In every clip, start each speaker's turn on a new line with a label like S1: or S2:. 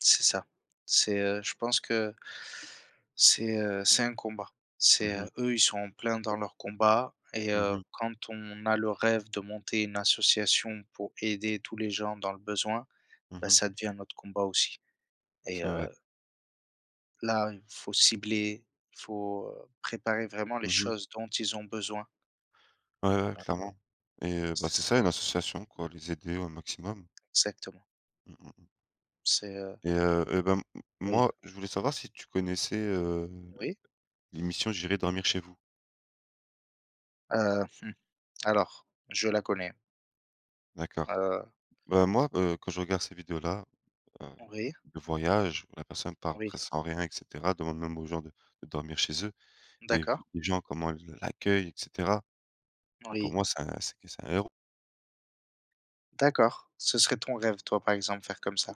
S1: C'est ça. C'est, heu je pense que c'est, heu, c'est un combat.
S2: Mmh
S1: C'est,
S2: mh.
S1: heu eux, ils sont en plein dans leur combat et
S2: Mmh
S1: heu,
S2: mh.
S1: quand on a le rêve de monter une association, pour aider tous les gens dans le besoin.
S2: Mmh
S1: Bah
S2: mh.
S1: ça devient notre combat aussi et
S2: C'est
S1: heu
S2: vrai.
S1: là, il faut cibler, il faut, heu, préparer vraiment les
S2: Mmh mh.
S1: choses dont ils ont besoin.
S2: Ouais, ouais
S1: Voilà.
S2: clairement et heu bah,
S1: C'est
S2: c'est
S1: ça.
S2: ça, une association quoi, les aider au maximum.
S1: Exactement. C'est, heu
S2: Et heu et ben m m
S1: Oui.
S2: moi, je voulais savoir si tu connaissais, heu,
S1: Oui.
S2: l'émission J'irai dormir chez vous?
S1: Heu, mmh, alors je la connais.
S2: D'accord.
S1: Heu
S2: Bah moi, heu, quand je regarde ces vidéos-là, heu,
S1: Oui.
S2: le voyage où la personne part
S1: Oui.
S2: presque sans rien et cetera. Demande même aux gens de de dormir chez eux, et vu
S1: D'accord.
S2: les gens comment ils l'accueillent et cetera. Bah, pour
S1: Oui.
S2: moi, c'est un c'est c'est un héros.
S1: D'accord, ce serait ton rêve toi, par exemple, faire comme ça?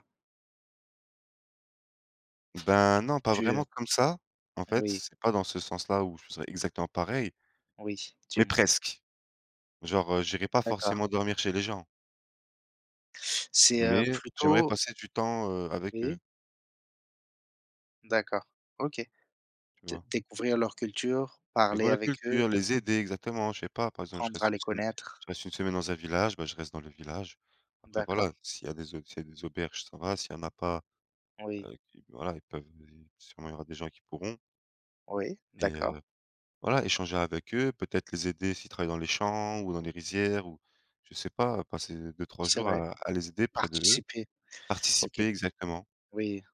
S2: Ben, non pas
S1: Tu,
S2: vraiment
S1: heu
S2: comme ça. En fait,
S1: oui.
S2: c'est pas dans ce sens-là où je serais exactement pareil
S1: Oui,
S2: mais
S1: dis-moi?
S2: presque. Genre, heu, j'irai pas
S1: D'accord.
S2: forcément dormir chez les gens
S1: C'est, heu,
S2: mais j'aimerais
S1: plutôt
S2: passer du temps, heu, avec eux
S1: Oui. D'accord, OK.
S2: tu
S1: Dé
S2: vois?
S1: découvrir leur culture, parler
S2: Découvrir la
S1: avec eux
S2: culture, les aider, exactement. Je sais pas, par exemple, je
S1: apprendre
S2: reste
S1: à
S2: une
S1: les
S2: sem
S1: connaître.
S2: je reste une semaine dans un village, bah, je reste dans le village. Après
S1: D'accord.
S2: voilà, s'il y a des au s'il y des auberges, ça va. S'il y en a pas,
S1: Oui.
S2: heu, voilà, ils peuvent sûrement, il y aura des gens qui pourront.
S1: Oui,
S2: Et
S1: d'accord.
S2: heu, voilà échanger avec eux, peut-être les aider, s'ils travaillent dans les champs ou dans les rizières, ou je sais pas. Passer 2-3
S1: C'est
S2: jours
S1: vrai,
S2: à à les aider près d'eux.
S1: participer, OK.
S2: Participer exactement.
S1: Oui.